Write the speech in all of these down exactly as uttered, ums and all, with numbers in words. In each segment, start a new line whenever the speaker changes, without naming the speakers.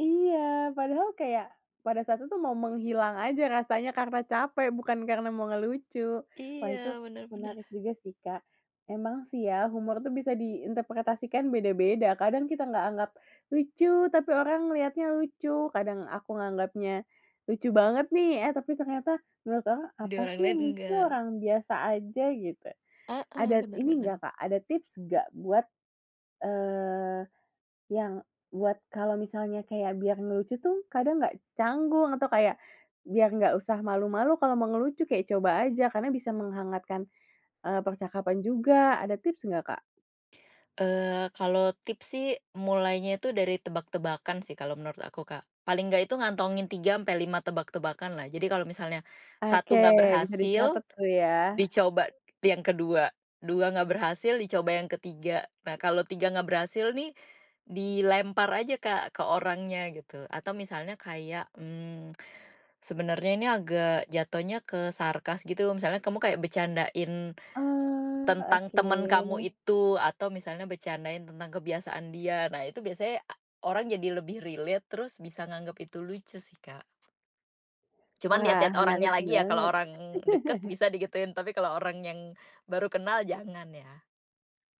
Iya, padahal kayak, pada saat itu mau menghilang aja rasanya karena capek bukan karena mau ngelucu, wah itu
Iya, bener bener.
menarik juga sih, Kak. Emang sih ya humor tuh bisa diinterpretasikan beda-beda kadang kita nggak anggap lucu tapi orang ngeliatnya lucu, kadang aku nganggapnya, lucu banget nih, eh, tapi ternyata menurut orang
Di
apa
orang
sih yang
lain,
lucu?
enggak
Orang biasa aja gitu.
Heeh,
Ada
bener
ini
bener.
nggak, Kak, ada tips nggak buat eee, yang buat kalau misalnya kayak biar ngelucu tuh kadang nggak canggung atau kayak, biar nggak usah malu-malu kalau mau ngelucu kayak coba aja, karena bisa menghangatkan, eee, percakapan juga, ada tips nggak, Kak?
Eee, kalau tips sih mulainya itu dari tebak-tebakan sih kalau menurut aku, Kak, paling enggak itu ngantongin tiga sampai lima tebak-tebakan lah jadi kalau misalnya,
Oke,
satu enggak
bisa
berhasil,
dicatat tuh ya.
dicoba yang kedua, dua enggak berhasil, dicoba yang ketiga. Nah kalau tiga enggak berhasil nih, dilempar aja, Kak, ke orangnya gitu atau misalnya kayak, mmm, sebenarnya ini agak jatohnya ke sarkas gitu misalnya kamu kayak bercandain,
Oh,
tentang temen kamu
oke.
itu atau misalnya bercandain tentang kebiasaan dia. Nah, itu biasanya orang jadi lebih relate terus bisa nganggep itu lucu sih, Kak. Cuman
Wah,
lihat-lihat orangnya
menarik
lagi ya, kalau
banget.
orang deket bisa digituin, tapi kalau orang yang, baru kenal jangan ya.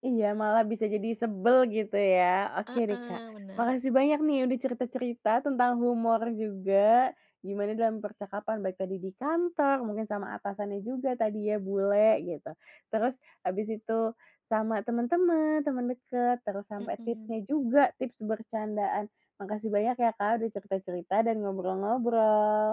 Iya malah bisa jadi sebel gitu ya oke deh, Kak,
Heeh, bener.
makasih banyak nih udah cerita-cerita tentang humor juga, gimana dalam percakapan baik tadi di kantor mungkin sama atasannya juga tadi ya bule, gitu. Terus habis itu, sama temen-temen, temen deket, terus sampai
Mhm.
tipsnya juga tips bercandaan. Makasih banyak ya, Kak, udah cerita-cerita dan ngobrol-ngobrol.